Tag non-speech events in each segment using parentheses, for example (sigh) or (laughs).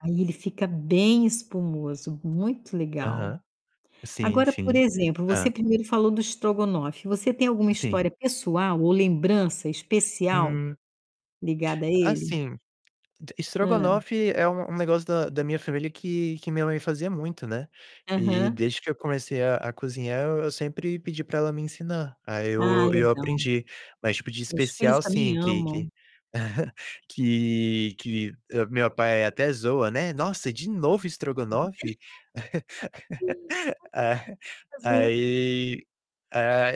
Aí ele fica bem espumoso, muito legal. Aham. Sim, Agora, por sim exemplo, você hã. primeiro falou do estrogonofe. Você tem alguma Sim. história pessoal ou lembrança especial Hum. ligada a ele? Assim, d Hã. estrogonofe é um um negócio da da minha família que que minha mãe fazia muito, né, e Aham. desde que eu comecei a a cozinhar eu sempre pedi pra ela me ensinar. Aí Ah, eu e eu legal. aprendi, mas tipo de Meus filhos especial também sim, que amam. que (chuckles) que que, eh, meu pai até zoa, né, "Nossa, de novo estrogonofe?" (laughs) (unintelligible) É. (unintelligible) Aí, a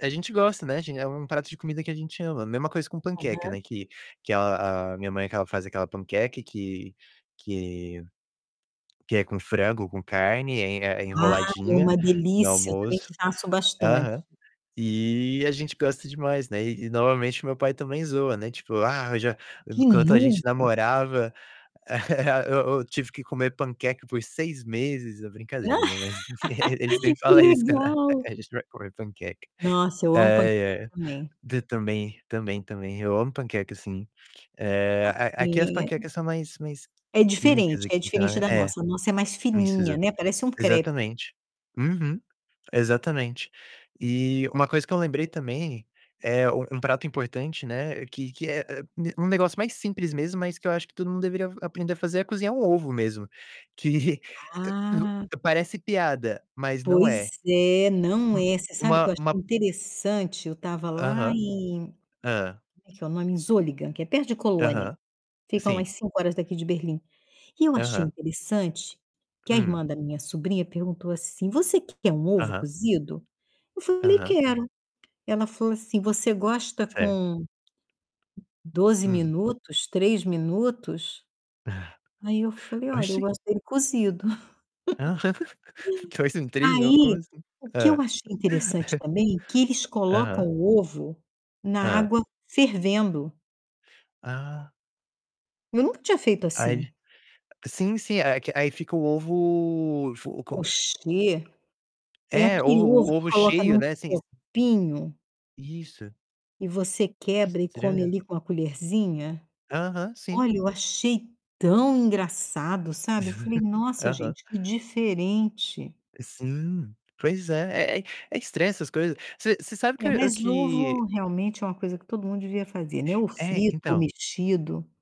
a a gente gosta, né, a gen é um prato de comida que a gente ama. Mesma coisa com panqueca, Aham. né, que que a a minha mãe que ela faz aquela panqueca que que que é com frango, com carne, é é Ah, é enroladinha uma no delícia. Também almoço faço bastante. Aham. E a gente gosta demais, né, e e novamente meu pai também zoa, né, tipo: "Ah, eu já De enquanto a gente novo! namorava (chuckles) eu eu tive que comer panqueca por 6 meses". É brincadeira, né, (chuckles) mas ele (laughs) sempre Que fala isso quando legal! a gente vai comer panqueca. Nossa, eu amo panqueca Ai, ai. também. D também, também, também. Eu amo panqueca, sim Ah, é, a aqui as sim. É. panquecas são mais mais É químicas diferente, aqui. é Então diferente da é. nossa. A nossa é mais Isso, fininha, exa né, parece um crepe. exatamente. Uhum. Exatamente. E uma coisa que eu lembrei também é: um um prato importante, né, que que é é, um negócio mais simples mesmo, mas que eu acho que todo mundo deveria aprender a fazer: é cozinhar um ovo mesmo, que e Ah o parece piada, mas não Pois é. é, não é. Você U sabe que uma eu uma achei interessante, eu estava lá Aham, em, "como hã. é que é o nome", em Solingen, que é perto de Colônia. Aham, Fica umas sim. 5 horas daqui de Berlim. E eu achei Aham. interessante que a Hum. irmã da minha sobrinha perguntou assim: "Você que quer um ovo Aham. cozido?" Eu falei: Aham. "Quero". Ela falou assim: "Você gosta Certo. com 12 Hum. minutos, 3 minutos?" Aí eu (chuckles) falei: "Olha, eu Oxe. gosto dele cozido". (laughs) 2 (chuckles) em 3 minu como Aí, assim? o que eu Hã. achei interessante (chuckles) também, que eles colocam Aham. o ovo na Hã. água fervendo. Ah. Eu nunca tinha feito assim. Aí sim, sim. É que aí fica o ovo fo co Pochê, é É, o aquele o ovo que ovo coloca cheio, num né. Sim s copinho Isso. e você Que quebra e come estranho. ali com a colherzinha? Aham, sim. Olha, eu achei tão engraçado, sabe. Eu falei: (chuckles) "Nossa, Aham. gente, que diferente". Sim, pois é. É é é estranho essas coisas. Você você sabe que É, eu eu mas que ovo realmente é uma coisa que todo mundo devia fazer, né: ou É, frito ou então mexido.